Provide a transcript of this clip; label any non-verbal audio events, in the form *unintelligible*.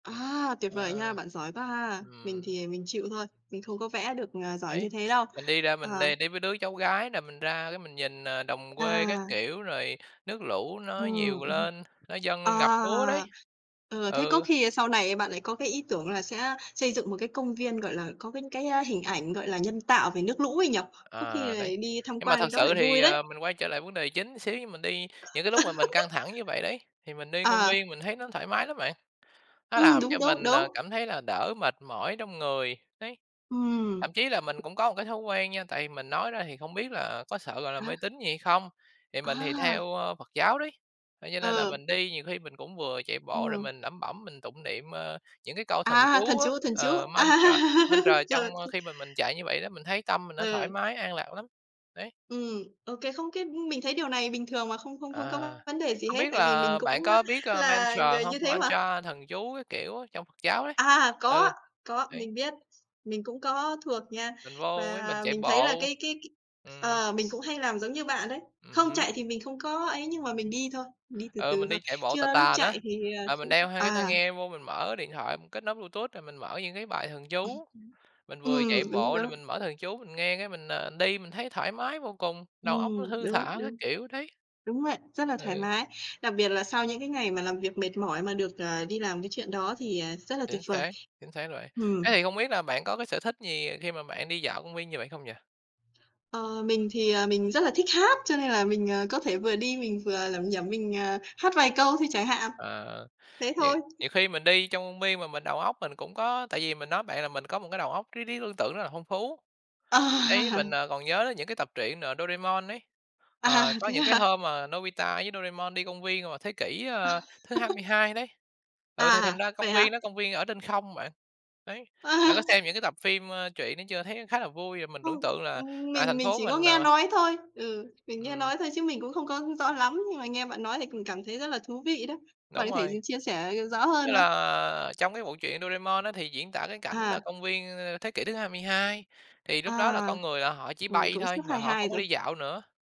À, tuyệt vời nha, Ờ. bạn giỏi quá ha. Mình Ừm. thì mình chịu thôi, mình không có vẽ được, ờ, giỏi Đấy, như thế đâu. mình đi ra mình Ờ. đi đi với đứa cháu gái nè, mình ra cái mình nhìn, à, đồng quê các À. kiểu, rồi nước lũ nó Ừm, nhiều ừm. lên, nó dâng À, lên ngập lúa đấy. ờ, thế có Ừ. khi, ơ, sau này bạn lại có cái ý tưởng là sẽ xây dựng một cái công viên, gọi là, có cái cái, a, hình ảnh, gọi là, nhân tạo về nước lũ ấy nhỉ? Có khi Ờ, đấy. lại đi tham Nhưng mà quan thật cái đó sự lại thì, vui đấy. à, mình quay trở lại vấn đề chính xíu nhưng mình đi những cái lúc mà mình căng *laughs* thẳng như vậy đấy, thì mình đi công À. viên mình thấy nó thoải mái lắm bạn, nó Ừm, làm đúng, cho đúng, mình, ờ, đúng. cảm thấy là đỡ mệt mỏi trong người, đấy. Ừm. Thậm chí là mình cũng có cái thói quen nha, tại mình nói ra thì không biết là có sợ, gọi là, À. mê tín gì hay không? Thì mình thì À! theo, ơ, Phật giáo đấy. Cho như nên là Ờ. mình đi nhiều khi mình cũng vừa chạy bộ rồi Ừm. mình lẩm bẩm mình tụng niệm, ờ, những cái câu thần À, thần chú á, chú, thần chú. ờ, mantra mantra *laughs* Rồi trong, ơ, th khi mà mình chạy như vậy đó, mình thấy tâm mình nó thoải Ừ. mái, an lạc lắm, đấy. Ừm, ô kê, không cái mình thấy điều này bình thường mà không không không À, có vấn đề gì không hết, biết tại vì mình là bạn cũng, a, có biết, ờ, là mantra người hông? như thế mà. Mantra thần chú các kiểu á, trong Phật giáo đấy. À, có, Ừ, có, đấy. mình biết. Mình cũng có thuộc nha. Mình vô với mình Và chạy mình thấy là bộ. cái cái Ừm. ờ, mình cũng hay làm giống như bạn đấy. Ừm Không, hứm. chạy thì mình không có ấy nhưng mà mình đi thôi, mình đi từ Ừ, từ mình thôi. đi chạy bộ Chứ, tà ơ, lúc tà á, chạy thì, ờ, rồi mình cũng đeo hai cái tai à. nghe vô mình mở điện thoại mình kết nối Bluetooth rồi mình mở những cái bài thần chú, *clears throat* mình *unintelligible* vừa chạy Ừm, đúng bộ rồi đó. mình mở thần chú mình nghe cái mình, à, đi mình thấy thoải mái vô cùng, đầu óc nó Ừm, thư đúng, thả các đúng. kiểu đấy. Đúng vậy, rất là thoải Ừ. mái. Đặc biệt là sau những cái ngày mà làm việc mệt mỏi mà được, ờ, đi làm cái chuyện đó thì, à, rất là tuyệt Chính vời. xác, chính xác rồi. Thế Ừm. thì không biết là bạn có cái sở thích gì khi mà bạn đi dạo công viên như vậy không nhỉ? Ờ, mình thì, ờ, mình rất là thích hát cho nên là mình, ờ, có thể vừa đi mình vừa lẩm nhẩm mình, ờ, hát vài câu thôi chẳng hạn. Ờ, Thế nhiều thôi. nhiều khi mình đi trong công viên mà mình đầu óc mình cũng có tại vì mình nói bạn là mình có một cái đầu óc trí trí tưởng tượng rất là phong phú. Đấy, mình, *laughs* ờ, còn nhớ đến những cái tập truyện, ờ, Doraemon ấy, À, ờ, có thế những cái hả? hôm mà Nobita với Doraemon đi công viên vào thế kỷ, ơ, thứ hai mươi *laughs* hai đấy, ừ, thì thành À, ra công vậy hả? viên đó, công viên ở trên không bạn. Đấy, bạn À. có xem những cái tập phim, ơ, truyện đó chưa, thấy khá là vui rồi mình Không, tưởng tượng là, ưm, à, mình thành mình phố chỉ có mình, nghe ờ nói thôi. Ừ, mình nghe Ừm. nói thôi chứ mình cũng không có rõ lắm, nhưng mà nghe bạn nói thì cùng cảm thấy rất là thú vị đó. Bạn Đúng có thể d rồi. chia sẻ rõ Tức hơn không? là trong cái bộ truyện Doraemon á thì diễn tả cái cảnh nà À. công viên, ơ, thế kỷ thứ 22, thì À, lúc đó là con người là họ chỉ ừ, bay cũng sắp thôi và hai họ hai không có đi rồi. dạo nữa.